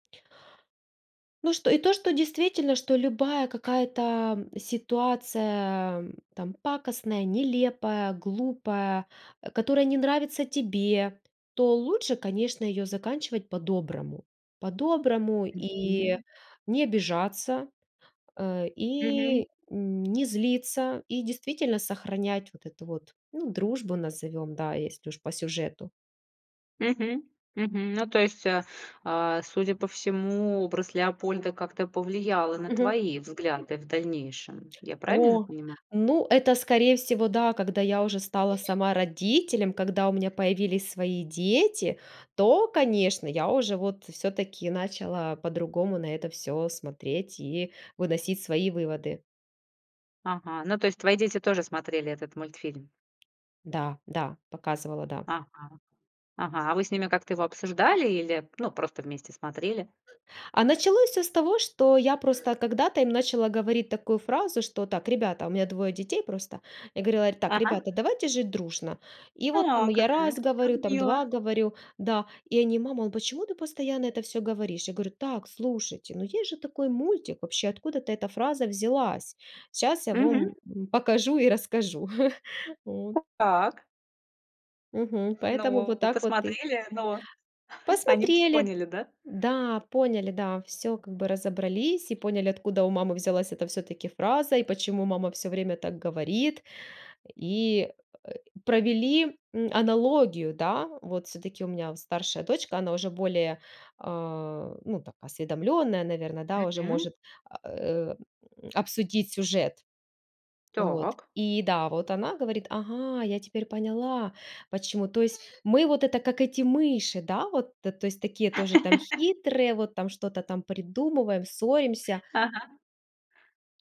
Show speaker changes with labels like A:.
A: Ну что, и то что действительно, что любая какая-то ситуация, там, пакостная, нелепая, глупая, а, которая не нравится тебе, то лучше, конечно, ее заканчивать по-доброму. По-доброму, и
B: Мгм.
A: не обижаться, э,
B: Мгм.
A: и не злиться, и действительно сохранять вот эту вот, ну, дружбу назовем, да, если уж по сюжету.
B: Мгм, мгм, ну то есть, а, а, судя по всему, образ "Леопольда" как-то повлиял и на
A: Мгм.
B: твои взгляды в дальнейшем, я правильно
A: О,
B: понимаю?
A: ну это, скорее всего, да, когда я уже стала сама родителем, когда у меня появились свои дети, то, конечно, я уже, вот, всё-таки, начала по-другому на это всё смотреть и выносить свои выводы.
B: Ага. Ну, то есть твои дети тоже смотрели этот мультфильм?
A: Да, да, показывала, да.
B: Ага. Ага. А вы с ними как-то его обсуждали или, ну, просто вместе смотрели?
A: А началось всё с того, что я просто когда-то им начала говорить такую фразу что: "Так, ребята", у меня двое детей просто. Я говорила: "Так,
B: Ага.
A: ребята, давайте жить дружно". И вот, там
B: О,
A: я
B: какая,
A: раз
B: как
A: говорю, там,
B: мило.
A: 2 говорю, да, и они: "Мама, а почему ты постоянно это всё говоришь?" Я говорю: "Так, слушайте, ну есть же такой мультик, вообще откуда-то эта фраза взялась. Щас я
B: Мгм.
A: вам покажу и расскажу". От.
B: Так.
A: Мгм, поэтому
B: Но,
A: вот так вот и
B: посмотрели, но, они
A: Посмотрели,
B: поняли, да?
A: да, поняли, да, всё как бы разобрались, и поняли, откуда у мамы взялась эта, всё-таки, фраза и почему мама всё время так говорит. И, э, провели, м, аналогию, да. Вот, всё-таки у меня старшая дочка, она уже более, а, ну так, осведомлённая, наверно, да, уже
B: Мгм.
A: может, э, м, обсудить сюжет, вот.
B: Так.
A: И да, вот, она говорит: "Ага, я теперь поняла, почему. То есть мы, вот это, как эти мыши, да, вот, э, то есть такие тоже, там, хитрые, вот так что-то там придумываем, ссоримся?"
B: Ага.